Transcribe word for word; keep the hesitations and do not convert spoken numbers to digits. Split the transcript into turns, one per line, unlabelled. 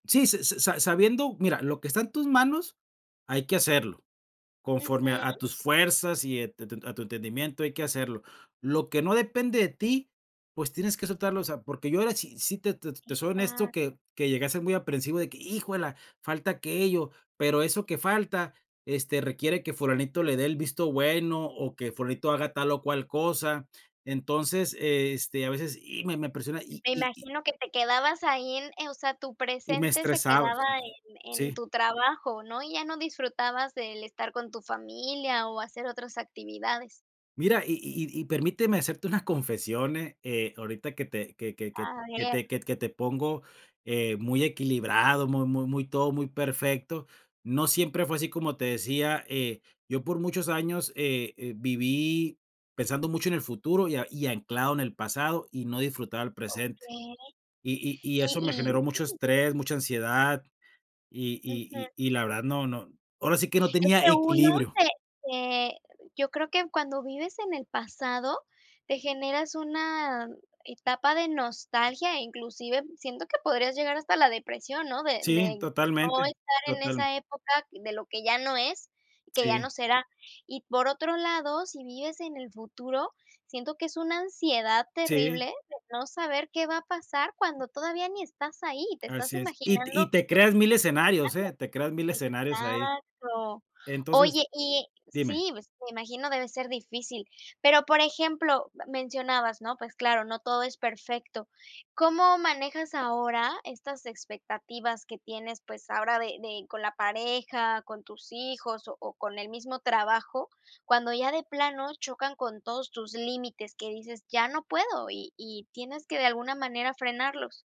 Sí, se se sa sa sabiendo, mira, lo que está en tus manos hay que hacerlo, conforme a a
Ujú.
tus fuerzas y e te te a tu entendimiento hay que hacerlo, lo que no depende de ti, pues tienes que soltarlo, o sea, porque yo ahora sí sí te te soy honesto
Exacto.
que que llegué a ser muy aprehensivo de que: "¡Híjuela!, falta aquello", pero eso que falta, este, requiere que Fulanito le dé el visto bueno o que Fulanito haga tal o cual cosa, entonces, este, a veces y me me presiona y
Me
y y
imagino que te quedabas ahí en, eh, o sea, tu
y me
presente se
estresaba,
quedaba en en
sí.
tu trabajo, ¿no?, y ya no disfrutabas del estar con tu familia, o hacer otras actividades.
Mira, y y y y permíteme hacerte una confesión, ¿eh?, eh, ahorita que te que que que
A
que
ver.
te que t que te pongo, eh, muy equilibrado, mu mu muy, todo muy perfecto, no siempre fue así, como te decía, eh, yo por muchos años, eh, viví pensando mucho en el futuro y a y anclado en el pasado, y no disfrutaba el presente,
Okey,
y y y
y
eso me generó
y
mucho estrés, mucha ansiedad, y
Ujú.
y y y la verdad, no, no, ahora sí que no
Es
tenía
que uno
equilibrio.
te te yo creo que cuando vives en el pasado, te generas una etapa de nostalgia e inclusive siento que podrías llegar hasta la depresión, ¿no?, de
Sí,
de no
totalmente,
estar en
total.
esa época de lo que ya no es, que ya no
Sí.
será, y por otro lado, si vives en el futuro, siento que es una ansiedad terrible
Sí.
de no saber qué va a pasar cuando todavía ni estás ahí, te estás
Así es, y t y
imaginando
te creas mil escenarios, ¿eh?, te creas mil
escenarios,
escenarios ahí.
exacto,
Entonces
oye y
dime.
sí, pues, me imagino debe ser difícil, pero, por ejemplo, ma mencionabas, ¿no?, pues claro, no todo es perfecto, ¿cómo manejas ahora estas expectativas que tienes, pues, ahora de de con la pareja, con tus hijos, o o con el mismo trabajo?, cuando ya de plano chocan con todos tus límites, que dices: "Ya no puedo", y y tienes que, de alguna manera, frenarlos.